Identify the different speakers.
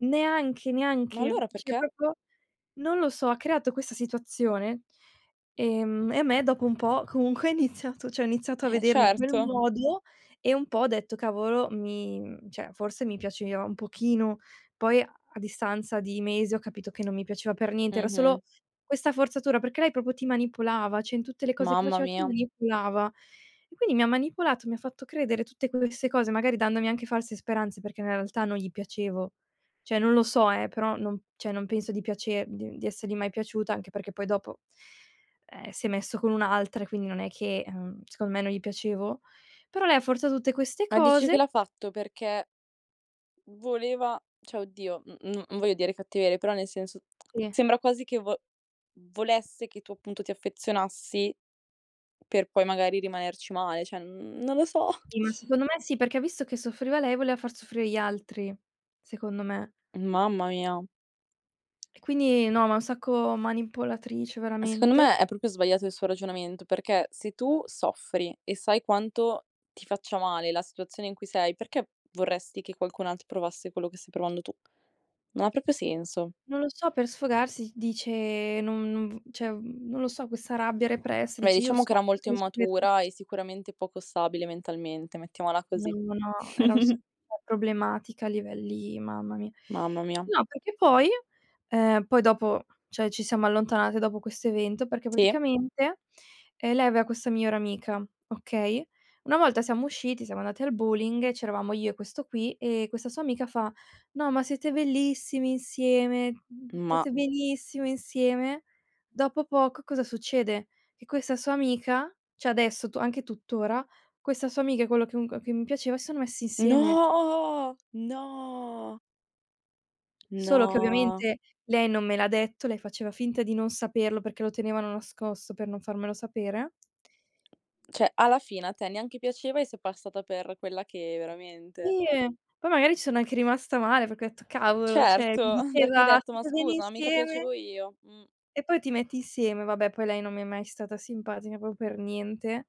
Speaker 1: Neanche,
Speaker 2: Ma
Speaker 1: neanche.
Speaker 2: allora
Speaker 1: Cioè
Speaker 2: perché?
Speaker 1: proprio non lo so, ha creato questa situazione, ehm, e a me dopo un po' comunque ha iniziato cioè ho iniziato a
Speaker 2: Eh,
Speaker 1: vederli in quel
Speaker 2: certo.
Speaker 1: modo e un po' ho detto, cavolo mi mhmm, cioè forse mi piaceva un pochino. Poi a a distanza di mesi ho capito che non mi piaceva per niente, era
Speaker 2: Mh-mh.
Speaker 1: solo questa forzatura, perché lei proprio ti manipolava, cioè in tutte le cose che
Speaker 2: Mamma
Speaker 1: faceva ti
Speaker 2: mia.
Speaker 1: manipolava. E quindi mi ha manipolato, mi ha fatto credere tutte queste cose, magari dandomi anche false speranze perché nella realtà non gli piacevo. Cioè non lo so eh, però non cioè non penso di piacer di di essergli mai piaciuta, anche perché poi dopo ehm, si è messo con un'altra e quindi non è che ehm, secondo me non gli piacevo. Però lei ha forzato tutte queste
Speaker 2: Ma dici che
Speaker 1: cose.
Speaker 2: l'ha fatto perché, uhm, voleva cioè oddio, n n non voglio dire cattiverie, però, nel senso,
Speaker 1: Sì.
Speaker 2: sembra quasi che vo volesse che tu appunto ti affezionassi, per poi magari rimanerci male, cioè, mhmm, non lo so.
Speaker 1: Sì, ma secondo me sì, perché visto che soffriva lei voleva far soffrire gli altri, secondo me.
Speaker 2: Mamma mia.
Speaker 1: E quindi no, ma è un sacco manipolatrice
Speaker 2: Secondo
Speaker 1: veramente.
Speaker 2: me è proprio sbagliato il suo ragionamento, perché se tu soffri e sai quanto ti faccia male la situazione in cui sei, perché vorresti che qualcun altro provasse quello che stai provando tu? Non ha proprio senso.
Speaker 1: Non lo so, per sfogarsi dice: "No non v". Cioè, uhm, non lo so, questa rabbia repressa,
Speaker 2: Beh,
Speaker 1: dice: "Io
Speaker 2: diciamo che
Speaker 1: sono
Speaker 2: era molto
Speaker 1: [unintelligible]
Speaker 2: immatura
Speaker 1: tutti".
Speaker 2: e sicuramente poco stabile mentalmente, mettiamola
Speaker 1: No,
Speaker 2: così.
Speaker 1: no, no, era sa cioè problematica a livelli mamma mia.
Speaker 2: Mamma mia.
Speaker 1: No, perché poi ehm, poi dopo, cioè, ci siamo allontanate dopo questo evento, perché
Speaker 2: Sì.
Speaker 1: praticamente, ehm, lei aveva questa migliore amica, okay. Una volta siamo usciti, siamo andati al bowling, e c'eravamo io e questo qui, e questa sua amica fa: "No, ma siete bellissimi insieme, mhmm,
Speaker 2: Ma
Speaker 1: state benissimo insieme!". Dopo poco, cosa succede? Che questa sua amica, cioè adesso tu anche tutt'ora, questa sua amica e quello che comunque che mi piaceva sono messi insieme.
Speaker 2: No, no.
Speaker 1: Solo che
Speaker 2: No.
Speaker 1: ovviamente lei non me l'ha detto, lei faceva finta di non saperlo perché lo tenevano nascosto per non farmelo sapere.
Speaker 2: Cioè alla fine a te neanche piaceva e sei passata per quella che veramente
Speaker 1: Sì e poi magari ci sono anche rimasta male, perché ho detto cavolo, cioè
Speaker 2: Certo,
Speaker 1: mi
Speaker 2: perché hai
Speaker 1: diceva:
Speaker 2: detto: "Ma
Speaker 1: "State bene
Speaker 2: scusa, mica piacevo
Speaker 1: insieme!"
Speaker 2: io". Mh.
Speaker 1: e poi ti metti insieme, vabbè poi lei non mi è mai stata simpatica proprio per niente.